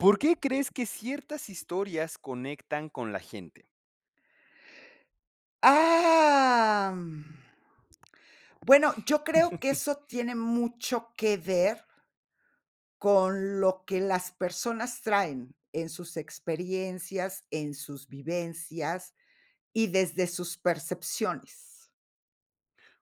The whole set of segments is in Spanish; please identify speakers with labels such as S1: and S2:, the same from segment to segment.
S1: ¿Por qué crees que ciertas historias conectan con la gente?
S2: Am, mm, bueno, yo creo que eso tiene mucho que ver, con lo que las personas traen en sus experiencias, en sus vivencias, y desde sus percepciones.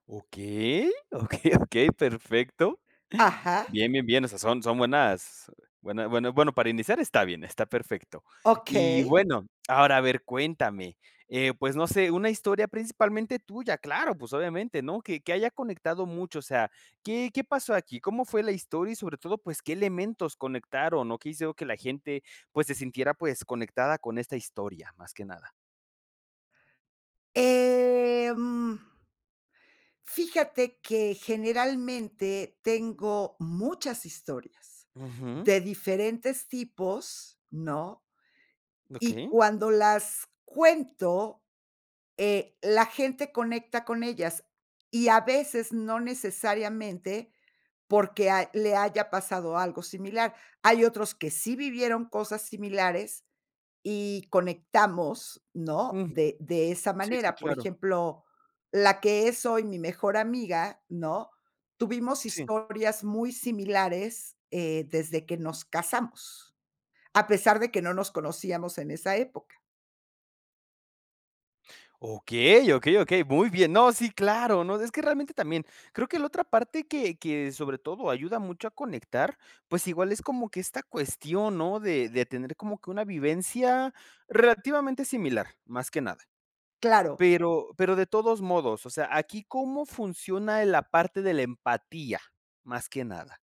S1: Okey, okey, okey, perfecto.
S2: Ajá.
S1: Bien, bien, bien, o sea, son son buenas buena bueno bueno para iniciar, está bien, está perfecto. Y
S2: Okey.
S1: bueno, ahora, a ver, cuéntame, eh, pues, no sé, una historia principalmente tuya, claro, pues, obviamente, ¿no?, que que haya conectado mucho, o sea, ¿qué qué pasó aquí? ¿Cómo fue la historia?, y sobre todo, pues, ¿qué elementos conectaron o qué hicieron que la gente, pues, se sintiera, pues, conectada con esta historia?, más que nada.
S2: Em, fíjate que generalmente, tengo muchas historias
S1: Ujú.
S2: de diferentes tipos, ¿no? Y
S1: Okey.
S2: cuando las cuento, eh, la gente conecta con ellas, y a veces no necesariamente, porque ha le haya pasado algo similar. Hay otros que sí vivieron cosas similares y conectamos, ¿no?,
S1: Ujú,
S2: de de esa
S1: sí, sí,
S2: manera. Por
S1: claro.
S2: ejemplo, la que es hoy mi mejor amiga, ¿no?, tuvimos
S1: Sí.
S2: historias muy similares, eh, desde que nos casamos, a pesar de que no nos conocíamos en esa época.
S1: Okey, okey, okey, muy bien. No, sí, claro, no, es que realmente también, creo que la otra parte que que sobre todo ayuda mucho a conectar, pues igual es como que esta cuestión, ¿no?, de de tener como que una vivencia relativamente similar, más que nada.
S2: Claro.
S1: Pero pero de todos modos, o sea, ¿aquí cómo funciona en la parte de la empatía?, más que nada.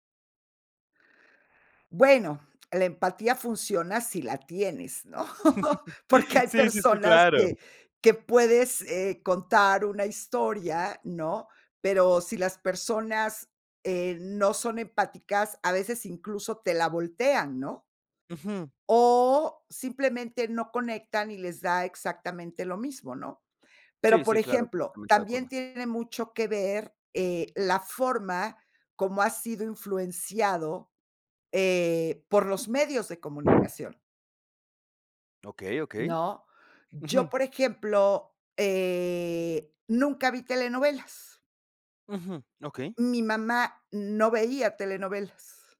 S2: Bueno, la empatía funciona si la tienes, ¿no?, porque hay
S1: Sí, sí, sí,
S2: personas
S1: claro.
S2: que que puedes, eh, contar una historia, ¿no?, pero si las personas, eh, no son empáticas, a veces incluso te la voltean, ¿no?
S1: Ujú.
S2: O simplemente no conectan, y les da exactamente lo mismo, ¿no?, pero,
S1: Sí,
S2: por
S1: sí, claro,
S2: ejemplo,
S1: completamente de
S2: también
S1: acuerdo.
S2: tiene mucho que ver, eh, la forma cómo ha sido influenciado, eh, por los medios de comunicación
S1: Okey, okey,
S2: ¿no?, yo,
S1: ujú.
S2: por ejemplo, eh, nunca vi telenovelas.
S1: Ujú, okey.
S2: Mi mamá no veía telenovelas.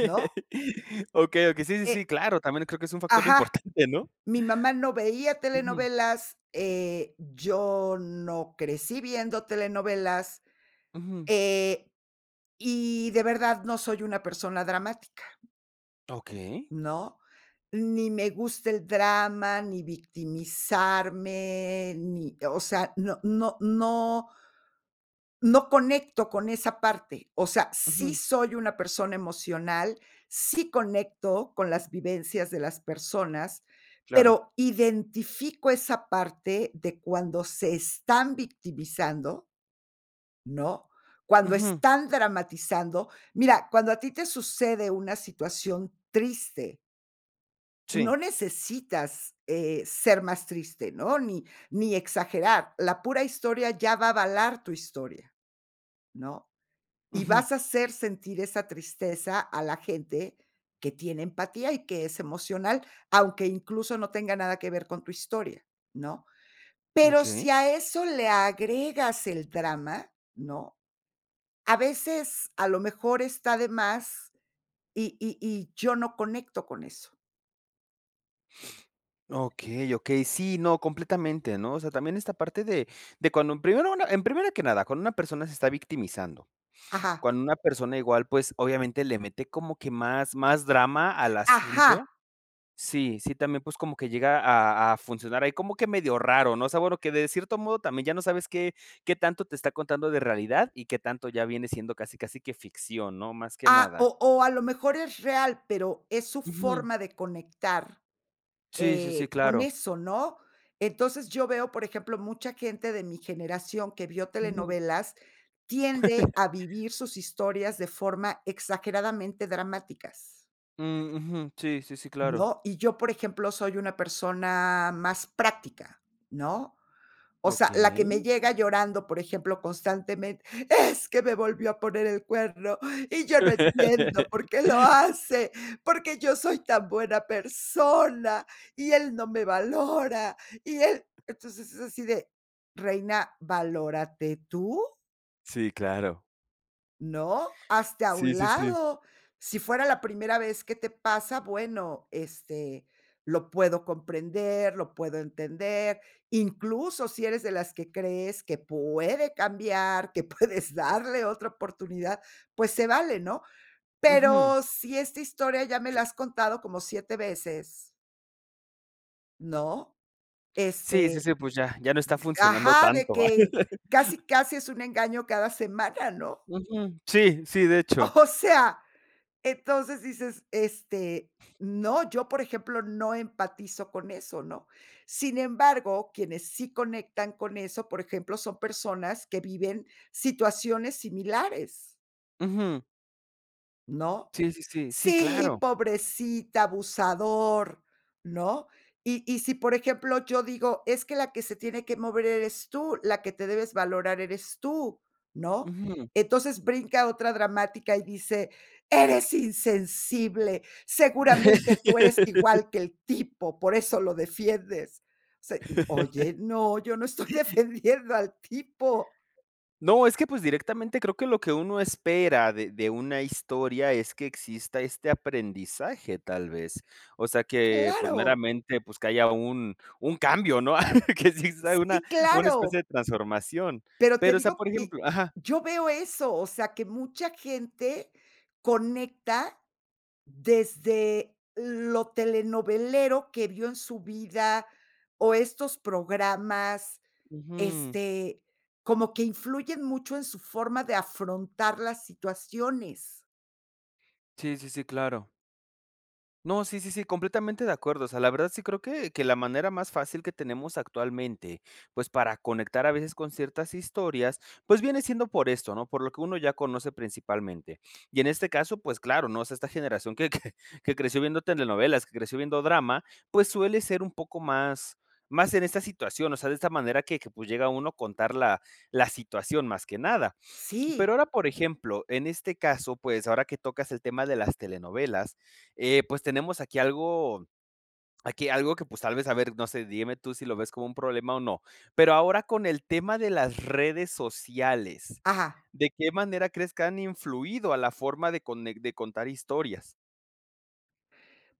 S2: ¿No?
S1: Okey, okey, sí, sí,
S2: Eh
S1: sí, claro, también creo que es un factor
S2: Ajá.
S1: importante, ¿no?
S2: Mi mamá no veía
S1: Ujú.
S2: telenovelas, eh, yo no crecí viendo telenovelas,
S1: Ujú.
S2: eh, y de verdad no soy una persona dramática.
S1: Okey.
S2: ¿No?, ni me gusta el drama ni victimizarme ni, o sea, no no no no conecto con esa parte. O sea, sí
S1: Ujú.
S2: soy una persona emocional, sí conecto con las vivencias de las personas,
S1: Claro.
S2: pero identifico esa parte de cuando se están victimizando ¿no?, cuando
S1: Ujú.
S2: están dramatizando mira, cuando a ti te sucede una situación triste
S1: Sí.
S2: no necesitas, eh, ser más triste, ¿no?, ni ni exagerar. La pura historia ya va a avalar tu historia, ¿no?, y
S1: Ujú.
S2: vas a hacer sentir esa tristeza a la gente que tiene empatía y que es emocional, aunque incluso no tenga nada que ver con tu historia, ¿no? Pero
S1: Okey.
S2: si a eso le agregas el drama, ¿no?, a veces, a lo mejor está de más, y y y yo no conecto con eso.
S1: Okey, okey. Sí, no, completamente, ¿no?, o sea, también esta parte de de cuando en primero una en primero que nada, cuando una persona se está victimizando.
S2: Ajá.
S1: Cuando una persona igual, pues, obviamente le mete como que más, más drama al
S2: ¡Ajá!
S1: asunto. Sí, sí, también, pues, como que llega a a funcionar ahí, como que medio raro, ¿no?, o sea, bueno, que de cierto modo también ya no sabes qué qué tanto te está contando de realidad, y qué tanto ya viene siendo casi casi que ficción, ¿no?, más que
S2: Ah,
S1: nada.
S2: o o a lo mejor es real, pero es su
S1: Ujú.
S2: forma de conectar,
S1: Sí, sí, sí,
S2: eh, con
S1: claro.
S2: eso, ¿no?, entonces, yo veo, por ejemplo, mucha gente de mi generación que vio
S1: Ujú.
S2: telenovelas, tiende a vivir sus historias de forma exageradamente dramáticas.
S1: Ujú. Sí, sí, sí, claro.
S2: ¿No?, y yo, por ejemplo, soy una persona más práctica, ¿no?, o sea, la que me
S1: ¿Okey?
S2: llega llorando, por ejemplo, constantemente: "Es que me volvió a poner el cuerno, y yo no entiendo por qué lo hace, porque yo soy tan buena persona, y él no me valora, y él", entonces, es así de, reina, valórate, tú.
S1: Sí, claro.
S2: No, hazte a
S1: Sí,
S2: un
S1: sí, sí.
S2: lado. Si fuera la primera vez que te pasa, bueno, este, lo puedo comprender, lo puedo entender. Incluso, si eres de las que crees que puede cambiar, que puedes darle otra oportunidad, pues se vale, ¿no?,
S1: Ujú.
S2: pero, si esta historia ya me la has contado como 7 veces. ¿No?,
S1: Sí, sí,
S2: este,
S1: sí, pues ya, ya no está
S2: de
S1: funcionando
S2: ajá, de
S1: tanto.
S2: que casi casi es un engaño cada semana, ¿no?
S1: Ujú. Sí, sí, de hecho.
S2: O sea, entonces dices: "Este, no, yo, por ejemplo, no empatizo con eso", ¿no? Sin embargo, quienes sí conectan con eso, por ejemplo, son personas que viven situaciones similares.
S1: Ujú.
S2: ¿No?,
S1: Sí, sí, sí. Sí,
S2: "Sí,
S1: claro.
S2: pobrecita, abusador", ¿no?, y y si, por ejemplo, yo digo: "Es que la que se tiene que mover eres tú, la que te debes valorar eres tú", ¿no?,
S1: Ujú.
S2: entonces, brinca a otra dramática y dice: "Eres insensible, seguramente tú eres igual que el tipo, por eso lo defiendes", se y, oye, no, yo no estoy defendiendo al tipo.
S1: No, es que, pues, directamente creo que lo que uno espera de de una historia es que exista este aprendizaje, tal vez. O sea que, pues
S2: ¡Claro!
S1: meramente, pues, que haya un un cambio, ¿no?, que sí sea una
S2: ¡Sí,
S1: una especie
S2: claro!
S1: de transformación.
S2: Pero te
S1: Pero, o sea,
S2: digo
S1: por ejemplo
S2: que
S1: ajá.
S2: yo veo eso, o sea, que mucha gente conecta desde lo telenovelero que vio en su vida, o estos programas,
S1: Ujú.
S2: este, como que influyen mucho en su forma de afrontar las situaciones.
S1: Sí, sí, sí, claro. No, sí, sí, sí, completamente de acuerdo. O sea, la verdad sí creo que que la manera más fácil que tenemos actualmente, pues, para conectar a veces con ciertas historias, pues viene siendo por esto, ¿no?, por lo que uno ya conoce principalmente. Y en este caso, pues claro, ¿no?, o sea, esta generación que que que creció viendo telenovelas, que creció viendo drama, pues, suele ser un poco más, más en esta situación, o sea, de esta manera que que, pues, llega uno a contar la la situación más que nada.
S2: Sí.
S1: Pero ahora, por ejemplo, en este caso, pues, ahora que tocas el tema de las telenovelas, eh, pues, tenemos aquí algo aquí algo que, pues, tal vez, a ver, no sé, dígame tú si lo ves como un problema o no. Pero ahora con el tema de las redes sociales,
S2: Ajá.
S1: ¿de qué manera crees que han influido a la forma de cone de contar historias?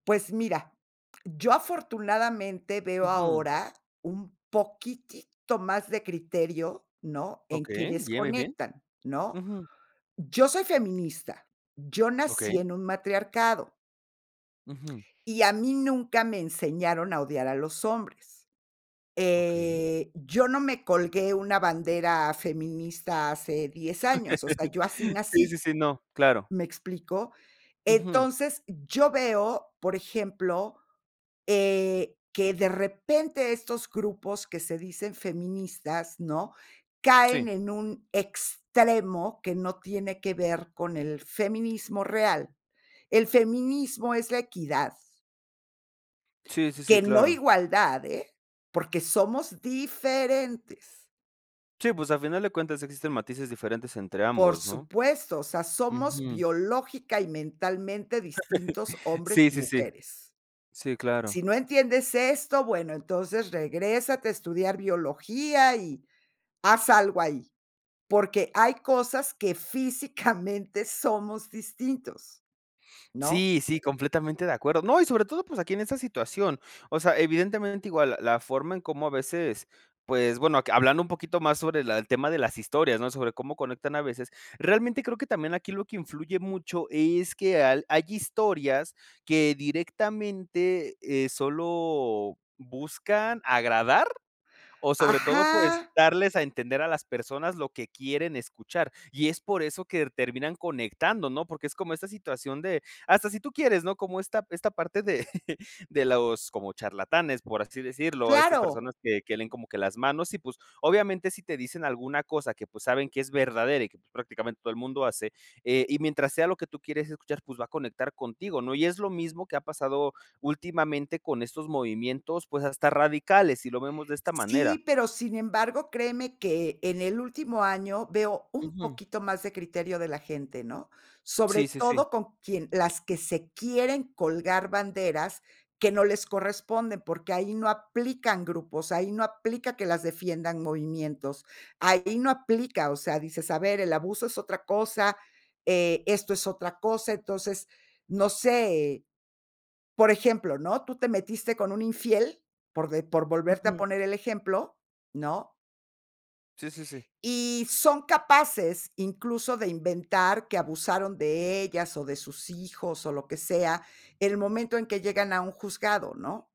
S2: Pues mira, yo afortunadamente veo
S1: Ujú.
S2: ahora un poquitito más de criterio, ¿no?, en
S1: Okey,
S2: quienes
S1: bien, bien, bien.
S2: conectan, ¿no?,
S1: Ujú.
S2: yo soy feminista, yo nací
S1: Okey.
S2: en un matriarcado.
S1: Ujú.
S2: Y a mí nunca me enseñaron a odiar a los hombres,
S1: Okey.
S2: eh, yo no me colgué una bandera feminista hace 10 años, o sea, yo así
S1: Sí, sí,
S2: nací,
S1: sí, no, claro.
S2: ¿me explico?,
S1: Ujú.
S2: entonces, yo veo, por ejemplo, eh, que de repente estos grupos que se dicen feministas, ¿no?, caen
S1: Sí.
S2: en un extremo que no tiene que ver con el feminismo real. El feminismo es la equidad.
S1: Sí, sí, sí,
S2: Que no
S1: claro.
S2: igualdad, eh, porque somos diferentes.
S1: Sí, pues, a final de cuentas existen matices diferentes entre
S2: Por
S1: ambos, ¿no?
S2: supuesto, o sea, somos
S1: Uju.
S2: biológica y mentalmente distintos hombres
S1: Sí,
S2: y
S1: sí, sí.
S2: mujeres.
S1: Sí, claro.
S2: Si no entiendes esto, bueno, entonces regrésate a estudiar biología, y haz algo ahí. Porque hay cosas que físicamente somos distintos, ¿no?
S1: Sí, sí, completamente de acuerdo. No, y sobre todo, pues, aquí en esa situación. O sea, evidentemente, igual l la forma en cómo a veces, pues, bueno, que hablando un poquito más sobre la el tema de las historias, ¿no?, sobre cómo conectan a veces, realmente creo que también aquí lo que influye mucho es que al hay historias que directamente, eh, solo buscan agradar, o sobre todo, pues,
S2: Ajá.
S1: darles a entender a las personas lo que quieren escuchar. Y es por eso que r terminan conectando, ¿no?, porque es como esa situación de hasta si tú quieres, ¿no?, como esta esta parte de de los como charlatanes, por así decirlo, a estas
S2: ¡Claro!
S1: personas que que leen como que las manos, y pues, obviamente, si te dicen alguna cosa que, pues, saben que es verdadera, y que, pues, prácticamente todo el mundo hace. Eh, y mientras sea lo que tú quieres escuchar, pues, va a conectar contigo, ¿no?, y es lo mismo que ha pasado últimamente con estos movimientos, pues, hasta radicales, y lo vemos de esta manera.
S2: Sí, pero, sin embargo, créeme que en el último año, veo un
S1: Ujú.
S2: poquito más de criterio de la gente, ¿no? Sobre
S1: Sí, sí, sí.
S2: todo con quien las que se quieren colgar banderas que no les corresponden, porque ahí no aplican grupos, ahí no aplica que las defiendan movimientos. Ahí no aplica, o sea, dices: "A ver, el abuso es otra cosa, eh, esto es otra cosa", entonces, no sé, por ejemplo, ¿no?, tú te metiste con un infiel, por de por volverte a
S1: Ujú.
S2: poner el ejemplo, ¿no?
S1: Sí, sí, sí.
S2: Y son capaces, incluso, de inventar que abusaron de ellas, o de sus hijos, o lo que sea, en el momento en que llegan a un juzgado, ¿no?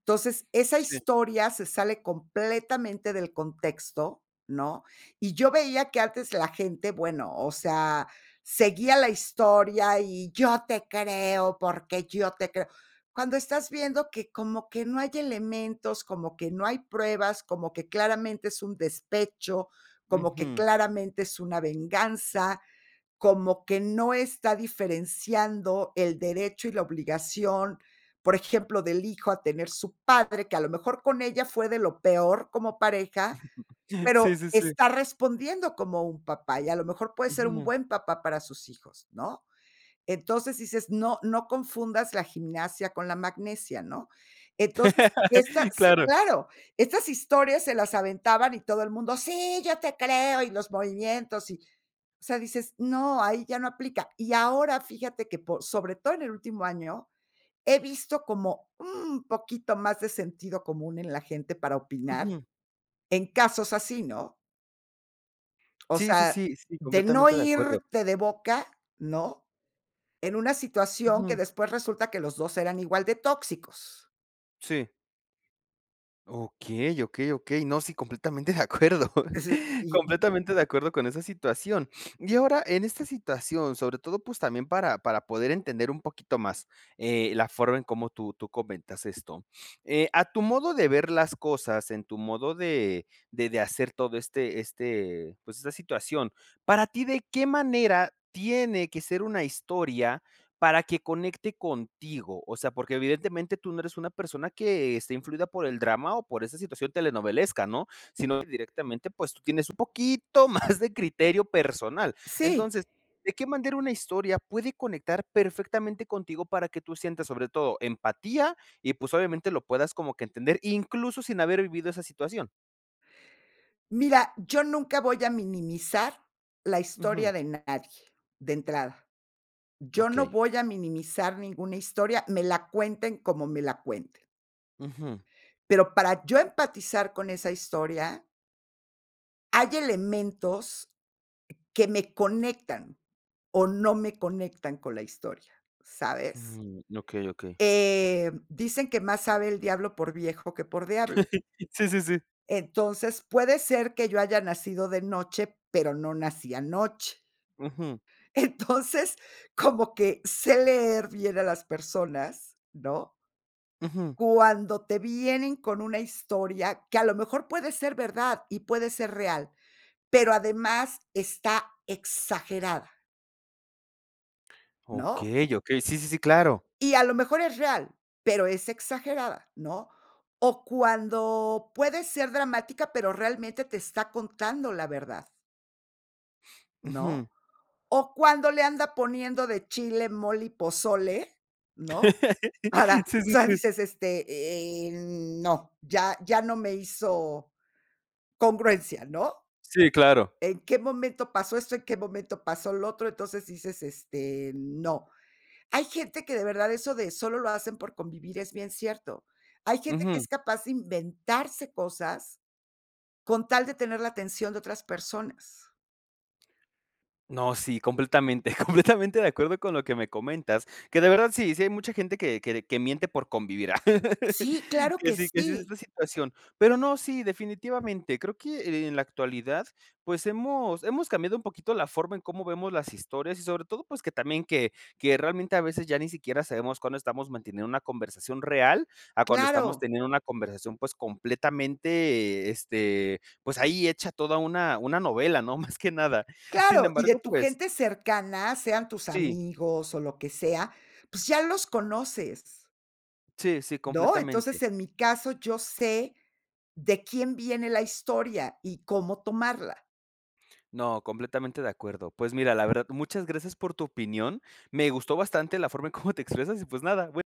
S2: Entonces, esa
S1: Sí.
S2: historia se sale completamente del contexto, ¿no? Y yo veía que antes la gente, bueno, o sea, seguía la historia y yo te creo, porque yo te creo. Cuando estás viendo que como que no hay elementos, como que no hay pruebas, como que claramente es un despecho, como que
S1: Ujú.
S2: claramente es una venganza, como que no está diferenciando el derecho y la obligación, por ejemplo, del hijo a tener su padre, que a lo mejor con ella fue de lo peor como pareja,
S1: Sí,
S2: pero
S1: sí, sí.
S2: está respondiendo como un papá, y a lo mejor puede ser un
S1: Ujú.
S2: buen papá para sus hijos, ¿no? Entonces dices: "No no confundas la gimnasia con la magnesia", ¿no? Entonces, esta sí,
S1: Claro.
S2: claro. Estas historias se las aventaban y todo el mundo, sí, yo te creo, y los movimientos, y o sea, dices: "No, ahí ya no aplica". Y ahora fíjate que por sobre todo en el último año, he visto como un poquito más de sentido común en la gente para opinar,
S1: Ujú.
S2: en casos así, ¿no? O
S1: Sí, sí,
S2: sea
S1: sí, sí,
S2: de no
S1: completamente de acuerdo.
S2: irte de boca, ¿no?, en una situación que
S1: Ujú.
S2: después resulta que los 2 eran igual de tóxicos.
S1: Sí. Okey, okey, okey. No, sí, completamente de acuerdo.
S2: Ese, y y
S1: Completamente de acuerdo con esa situación. Y ahora, en esta situación, sobre todo, pues, también para para poder entender un poquito más, eh, la forma en cómo tú tú comentas esto. Eh, a tu modo de ver las cosas, en tu modo de de de hacer todo este este, pues, esta situación, ¿para ti de qué manera tiene que ser una historia para que conecte contigo?, o sea, porque evidentemente tú no eres una persona que esté influida por el drama o por esa situación telenovelesca, ¿no?, sino directamente, pues, tú tienes un poquito más de criterio personal.
S2: Sí.
S1: Entonces, ¿de qué manera una historia puede conectar perfectamente contigo para que tú sientas, sobre todo, empatía y, pues, obviamente, lo puedas como que entender, incluso sin haber vivido esa situación?
S2: Mira, yo nunca voy a minimizar la
S1: Ujú.
S2: historia de nadie, de entrada. Yo no
S1: Okey.
S2: voy a minimizar ninguna historia, me la cuenten como me la cuenten.
S1: Ujú.
S2: Pero, para yo empatizar con esa historia. Hay elementos que me conectan, o no me conectan con la historia, ¿sabes?
S1: Mm, okey, okey.
S2: Eh, dicen: "Que más sabe el diablo por viejo que por diablo".
S1: Sí, sí, sí.
S2: Entonces, puede ser que yo haya nacido de noche, pero no nací anoche.
S1: Ujú.
S2: Entonces, como que sé leer bien a las personas, ¿no?
S1: Ujú.
S2: Cuando te vienen con una historia que a lo mejor, puede ser verdad y puede ser real, pero además está exagerada. ¿No?
S1: Okey, okey, sí, sí, sí, claro.
S2: Y a lo mejor es real, pero es exagerada, ¿no?, o cuando puede ser dramática, pero realmente te está contando la verdad. ¿No?,
S1: Ujú.
S2: o cuando le anda poniendo de chile, mole y pozole, ¿no?, para,
S1: Sí,
S2: o
S1: sí,
S2: sea,
S1: sí.
S2: dices, este, eh, n no, ya ya no me hizo congruencia, ¿no?
S1: Sí, claro.
S2: ¿En qué momento pasó esto? ¿En qué momento pasó lo otro?, entonces dices: "Este, no". Hay gente que de verdad eso de solo lo hacen por convivir es bien cierto. Hay gente que
S1: Ujú.
S2: es capaz de inventarse cosas, con tal de tener la atención de otras personas.
S1: No, sí, completamente, completamente de acuerdo con lo que me comentas, que de verdad sí, sí hay mucha gente que que de que miente por convivir.
S2: ¡Sí, claro
S1: Que
S2: que
S1: sí que sí es
S2: sí!
S1: la situación. Pero no, sí, definitivamente, creo que en la actualidad, pues, hemos hemos cambiado un poquito la forma en cómo vemos las historias, y sobre todo, pues, que también que que realmente a veces ya ni siquiera sabemos cuándo estamos manteniendo una conversación real, a cuando estamos
S2: ¡Claro!
S1: teniendo una conversación, pues, completamente, este, pues, ahí hecha toda una una novela, ¿no?, más que nada. Sin
S2: ¡Claro!, y de
S1: embargo,
S2: tu
S1: pues
S2: gente cercana, sean tus
S1: Sí.
S2: amigos o lo que sea, pues ya los conoces.
S1: Sí, sí,
S2: ¿No?,
S1: completamente.
S2: entonces, en mi caso, yo sé de quién viene la historia y cómo tomarla.
S1: No, completamente de acuerdo. Pues mira, la verdad, muchas gracias por tu opinión. Me gustó bastante la forma en cómo te expresas y, pues, nada, bue